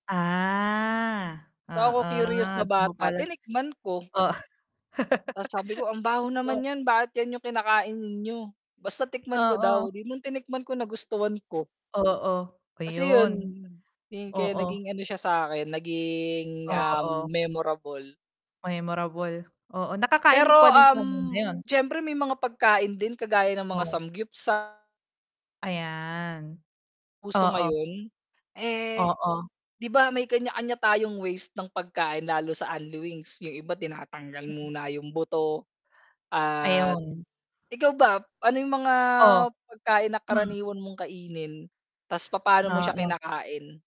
Ah, So, ako curious na oo bata, pala. tinikman ko. Oo. Tas, sabi ko, "Ang baho naman O nyan. Bakit yan yung kinakain ninyo?" Basta tikman ko daw, Oo. 'di nung tinikman ko nagustuhan ko. Oo, Kasi yun, ayun. yung kaya Oo. naging ano siya sakin naging, um, Oo. memorable. Memorable, oo. Nakakain mo Pero, pa din siya hanggang um, ngayon. siyempre may mga pagkain din kagaya ng mga Oh. samgyupsal. Ayan. Uso Oo. ngayon? Eh, Oo. 'di ba may kanya-kanya tayong ways ng pagkain lalo sa unli wings, yung iba tinatanggal muna yung buto at Ayun. ikaw ba, ano yung mga Oh. pagkain na karaniwan mong kainin, tas papano mo siya Oo. kinakain?